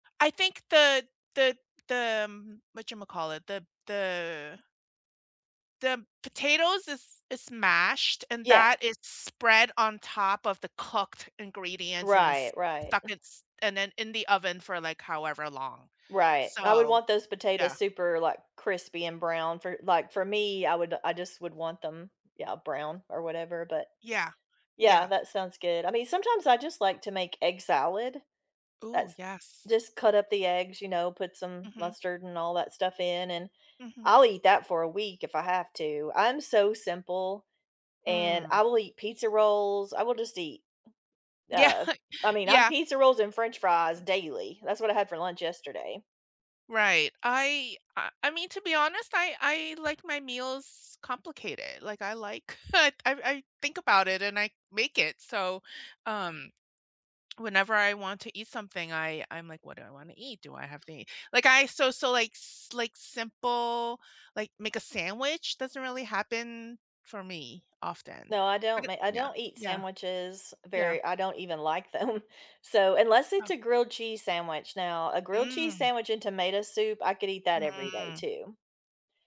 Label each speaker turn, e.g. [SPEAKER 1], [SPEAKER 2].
[SPEAKER 1] I think the the the, um, whatchamacallit, the the the potatoes is is mashed, and
[SPEAKER 2] Yeah.
[SPEAKER 1] that is spread on top of the cooked ingredients and then s
[SPEAKER 2] Right, right.
[SPEAKER 1] stuck it's and then in the oven for, like, however long.
[SPEAKER 2] Right, I would
[SPEAKER 1] So
[SPEAKER 2] want those
[SPEAKER 1] Yeah.
[SPEAKER 2] potatoes super, like, crispy and brown for like, for me, I would I just would want them Yeah, brown or whatever, but
[SPEAKER 1] Yeah,
[SPEAKER 2] Yeah,
[SPEAKER 1] yeah.
[SPEAKER 2] that sounds good. I mean, sometimes I just like to make egg salad.
[SPEAKER 1] Ooh,
[SPEAKER 2] That's
[SPEAKER 1] yes.
[SPEAKER 2] Just cut up the eggs, you know, put some
[SPEAKER 1] Mhm.
[SPEAKER 2] mustard and all that stuff in, and
[SPEAKER 1] Mhm.
[SPEAKER 2] I'll eat that for a week if I have to. I'm so simple, and
[SPEAKER 1] Mm.
[SPEAKER 2] I will eat pizza rolls, I will just eat,
[SPEAKER 1] Yeah,
[SPEAKER 2] uh I mean, I'm
[SPEAKER 1] yeah.
[SPEAKER 2] pizza rolls and French fries daily. That's what I had for lunch yesterday.
[SPEAKER 1] Right, I I I mean, to be honest, I I like my meals complicated, like, I like I I think about it and I make it, so, um, whenever I want to eat something, I I'm like, "What do I wanna eat? Do I have to eat?" Like I So so, like, s like, simple like, make a sandwich doesn't really happen for me often,
[SPEAKER 2] No, I
[SPEAKER 1] but
[SPEAKER 2] don't
[SPEAKER 1] it
[SPEAKER 2] ma I
[SPEAKER 1] Yeah,
[SPEAKER 2] don't eat
[SPEAKER 1] yeah.
[SPEAKER 2] sandwiches
[SPEAKER 1] Yeah.
[SPEAKER 2] very I don't even like them. So unless
[SPEAKER 1] Oh.
[SPEAKER 2] it's a grilled cheese sandwich. Now, a grilled cheese
[SPEAKER 1] Mm.
[SPEAKER 2] sandwich and tomato soup, I could eat that every day
[SPEAKER 1] Mm.
[SPEAKER 2] too.